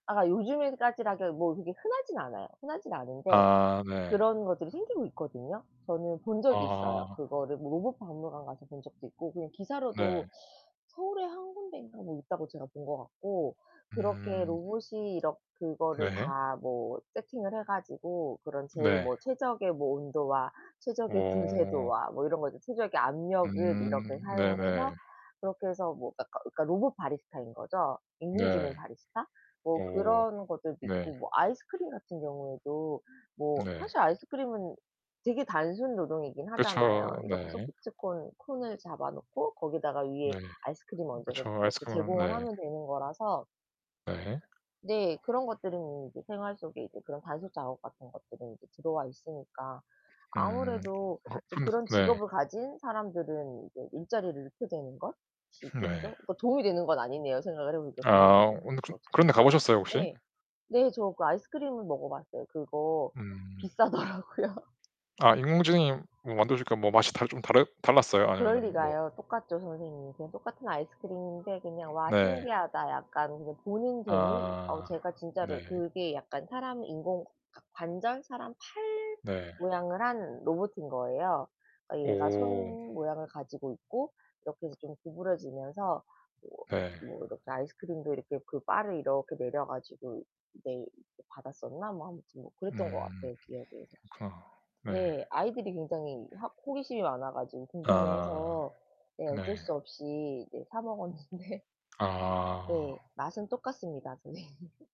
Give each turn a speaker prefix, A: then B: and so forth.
A: 아 요즘에까지라 그 뭐 그게 흔하진 않아요. 흔하진 않은데
B: 아 네.
A: 그런 것들이 생기고 있거든요. 저는 본 적이 있어요.
B: 아.
A: 그거를 뭐 로봇 박물관 가서 본 적도 있고 그냥 기사로도
B: 네.
A: 서울에 1 군데인가 뭐 있다고 제가 본 것 같고 그렇게
B: 음.
A: 로봇이 이렇 그거를
B: 네.
A: 다 뭐 세팅을 해 가지고 그런 제일
B: 네.
A: 뭐 최적의 뭐 온도와 최적의
B: 어.
A: 분쇄도와 뭐 이런 것들 최적의 압력을
B: 음
A: 이렇게 사용을
B: 네네.
A: 해서 그렇게 해서 뭐 어 그니까 로봇 바리스타인 거죠.
B: 네.
A: 인공지능 바리스타. 뭐
B: 어
A: 그런 것들도
B: 네.
A: 있고 뭐 아이스크림 같은 경우에도 뭐
B: 네.
A: 사실 아이스크림은 되게 단순 노동이긴
B: 그렇죠.
A: 하잖아요. 이렇게
B: 네.
A: 소프트 콘 콘을 잡아 놓고 거기다가 위에
B: 네.
A: 아이스크림 얹어서
B: 그렇죠.
A: 이렇게
B: 아이스크림 아
A: 제공을
B: 네.
A: 하면 되는 거라서
B: 네.
A: 네. 그런 것들은 이제 생활 속에 이제 그런 단순 작업 같은 것들이 이제 들어와 있으니까
B: 음.
A: 아무래도
B: 어
A: 이제
B: 근데
A: 그런
B: 네.
A: 직업을 가진 사람들은 이제 일자리를 잃게 되는 것이
B: 네.
A: 있겠죠. 뭐 도움이 되는 건 아니네요. 생각을 해 보니까
B: 아
A: 그런
B: 어
A: 부분들이
B: 근데 그
A: 또 어떻게
B: 그런 데 가
A: 보면.
B: 보셨어요 혹시?
A: 네. 네 저 그 아이스크림을 먹어 봤어요. 그거
B: 음.
A: 비싸더라고요.
B: 아 인공지능이 뭐 만들어주니까 뭐 맛이 다르 좀 다르 달랐어요?
A: 그럴
B: 아니면은 뭐
A: 리가요. 똑같죠 선생님. 그냥 똑같은 아이스크림인데 그냥 와
B: 네.
A: 신기하다. 약간 그냥 보는 재미. 어
B: 아
A: 제가 진짜로
B: 네.
A: 그게 약간 사람 인공 과 관절, 사람 팔
B: 네.
A: 모양을 한 로봇인 거예요. 얘가 손
B: 오.
A: 모양을 가지고 있고 이렇게 해서 좀 구부러지면서 뭐
B: 네.
A: 뭐 이렇게 아이스크림도 이렇게 그 바를 이렇게 내려 가지고 내리 받았었나? 뭐 아무튼 뭐 그랬던 것
B: 음.
A: 같아요 기억에.
B: 그렇구나. 네.
A: 네. 아이들이 굉장히 하 호기심이 많아 가지고
B: 아
A: 궁금해해서 네 어쩔
B: 네.
A: 수 없이 네 사 먹었는데 네
B: 아.
A: 맛은 똑같습니다 선생님.